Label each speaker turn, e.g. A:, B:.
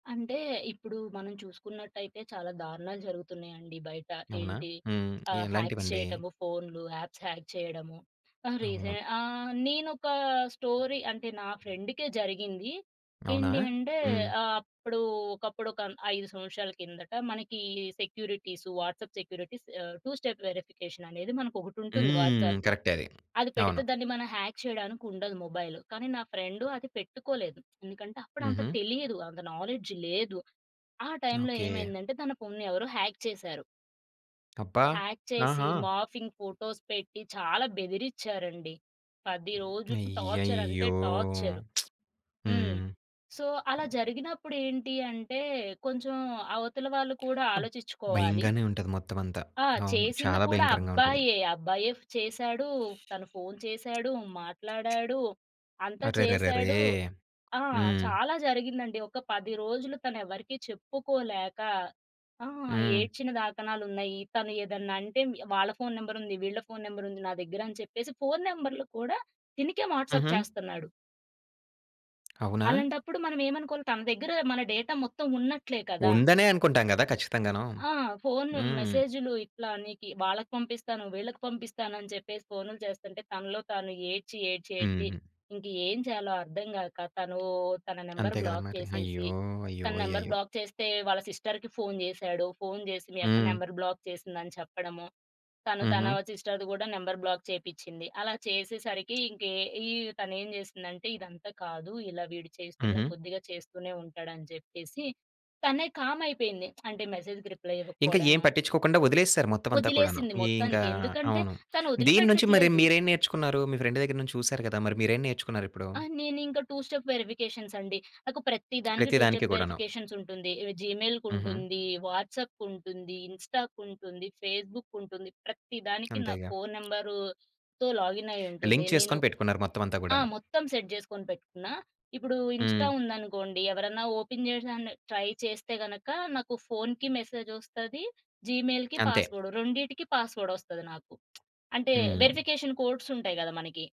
A: అంటే ఇప్పుడు మనం చూసుకున్నట్టయితే చాలా దారుణాలు జరుగుతున్నాయండి. బయట
B: అవునా?
A: ఏంటి?
B: హ్మ్.
A: ఆహ్, హ్యాక్స్
B: ఎలాంటివండి?
A: చేయటము ఫోనులు, యాప్స్ హ్యాక్ చేయడము. తను
B: అవును.
A: రీసే ఆహ్, నేను ఒక స్టోరీ అంటే, నా ఫ్రెండ్‌కే జరిగింది.
B: అవునా?
A: ఏంటి అంటే
B: హ్మ్.
A: ఆ అప్పుడు ఒకప్పుడు ఒక 5 సంవత్సరాల కిందట మనకి సెక్యూరిటీస్, వాట్సాప్ సెక్యూరిటీస్, ఆహ్, 2 స్టెప్ వెరిఫికేషననేది మనకొకటుంటుంది
B: హ్మ్.
A: వాట్సాప్‌లో
B: కరెక్టే అది.
A: అది పెడితే
B: అవును.
A: దాన్ని మనం హ్యాక్ చేయడానికుండదు మొబైలు. కానీ నా ఫ్రెండ్ అది పెట్టుకోలేదు. ఎందుకంటే అప్పుడంత
B: హుహు.
A: తెలీదు. అంత నాలెడ్జ్ లేదు. ఆ టైంలో
B: ఓకే.
A: ఏమైందంటే తన ఫోన్ని ఎవరో హ్యాక్ చేశారు.
B: అబ్బా!
A: హ్యాక్ చేసి
B: ఆహా!
A: మార్ఫింగ్ ఫోటోస్ పెట్టి చాలా బెదిరిచ్చారండి. 10 రోజులు టార్చర్ అంటే
B: అయ్యయ్యో!
A: టార్చరు. హ్మ్.
B: హ్మ్.
A: సో అలా జరిగినప్పుడు ఏంటి అంటే కొంచెం అవతల వాళ్ళు కూడా
B: ఆబ్
A: ఆలోచిచ్చుకోవాలి.
B: భయంగానే ఉంటది. మొత్తమంతా.
A: ఆ!
B: అవును.
A: చేసింది
B: చాలా
A: కూడా
B: భయంకరంగుంటది.
A: అబ్బాయే అబ్బాయే చేశాడు. తను ఫోను చేశాడు, మాట్లాడాడు, అంతా
B: అరెరెరెరే!
A: చేసాడు, ఆ!
B: హ్మ్.
A: చాలా జరిగిందండి. ఒక 10 రోజులు తనెవరికీ చెప్పుకోలేక ఆ!
B: హ్మ్.
A: ఏడ్చిన దాకనాలున్నాయి. తను ఏదన్నంటే వాళ్ళ ఫోను నంబర్ ఉంది, వీళ్ళ ఫోను నంబర్ ఉంది నా దగ్గర అని చెప్పేసి, ఫోను నంబర్లు కూడా తినకే వాట్సాప్
B: హుహు.
A: చేస్తన్నాడు.
B: అవునా?
A: అలాంటప్పుడు మనం ఏమనుకోవాలి. తన దగ్గర మన డేటా మొత్తం ఉన్నట్లే కదా!
B: ఉందనే అనుకుంటాం గదా! ఖచ్చితంగాను.
A: ఆ! ఫోను,
B: హ్మ్.
A: మెసేజులు ఇట్లా నీకి వాళ్ళకి పంపిస్తాను, వీళ్ళకి పంపిస్తాను అని చెప్పేసి ఫోనులు చేస్తుంటే, తనలో తాను ఏడ్చి ఏడ్చి ఏడ్చి
B: హుహు.
A: ఇంక ఎం చేయాలో అర్థం గాక తను తన నంబర్
B: అంతే గదా!
A: బ్లాక్
B: మరి
A: చేసేసి,
B: అయ్యో! అయ్యో!
A: తన నంబర్
B: అయ్యయ్యో!
A: బ్లాక్ చేస్తే, వాళ్ళ సిస్టర్‌కి ఫోను జేసాడు. ఫోను చేసి మీ అక్క
B: హ్మ్.
A: నంబర్ బ్లాక్ చేసింది అని చెప్పడము. తను తన
B: హుహు.
A: సిస్టర్‌ది గూడా నంబర్ బ్లాక్ చేపించింది. అలా చేసేసరికి ఇంక ఈ తనేం జేసిందంటే ఇదంతా కాదు ఇలా వీడు చేస్తున్న
B: హుహు.
A: కొద్దిగా చేస్తూనే ఉంటాడు అని జెప్పేసి తనే కామ్ అయిపోయింది. అంటే మెసేజ్‌కి రిప్లై
B: ఇంకా
A: ఇవ్వకపోవడం.
B: ఎం పట్టిచ్చుకోకుండా వదిలేసేసారు మొత్తమంతా కూడాను.
A: వదిలేసింది.
B: ఇంకా
A: మొత్తానికి ఎందుకంటే
B: అవును.
A: తను
B: దీని నుంచి మరి
A: వదిలిపెట్టట్లేదు.
B: మీరేం నేర్చుకున్నారు? మీ ఫ్రెండ్ దగ్గర నుంచి చూసారు గదా! మరి మీరేం నేర్చుకున్నారిప్పుడు?
A: ఆ! నేను ఇంక 2 స్టెప్ వెరిఫికేషన్స్ అండి. నాకు ప్రతి దానికి
B: ప్రతి
A: టూ
B: దానికి
A: స్టెప్
B: గూడాను.
A: వెరిఫికేషన్స్ ఉంటుంది.
B: హుహు.
A: జీమెయిల్‌కుంటుంది, వాట్సాప్‌కుంటుంది, ఇన్‌స్టా‌కుంటుంది, ఫేస్‌బుక్‌కుంటుంది. ప్రత్తి దానికి నా
B: అంతేగా.
A: ఫోను నంబర్‌తో లాగిన్ అయ్యుంటుంది.
B: లింక్
A: నేను
B: చేసుకొని పెట్టుకున్నారు. మొత్తమంతా
A: ఆ!
B: గూడాను.
A: మొత్తం సెట్ చేసుకొని పెట్టుకున్న. ఇప్పుడు ఇన్స్టా
B: హ్మ్.
A: ఉందనుకోండి ఎవరన్నా ఓపెన్ జేసెన్న ట్రై చేస్తే గనక నాకు ఫోనుకి మెసేజొస్తది. జీమెయిల్‌కి
B: అంతే.
A: పాస్వర్డ్ రెండిటికి పాస్వర్డ్ వస్తది నాకు. అంటే
B: హ్మ్.
A: వెరిఫికేషన్ కోడ్సుంటాయి గదా! మనకి.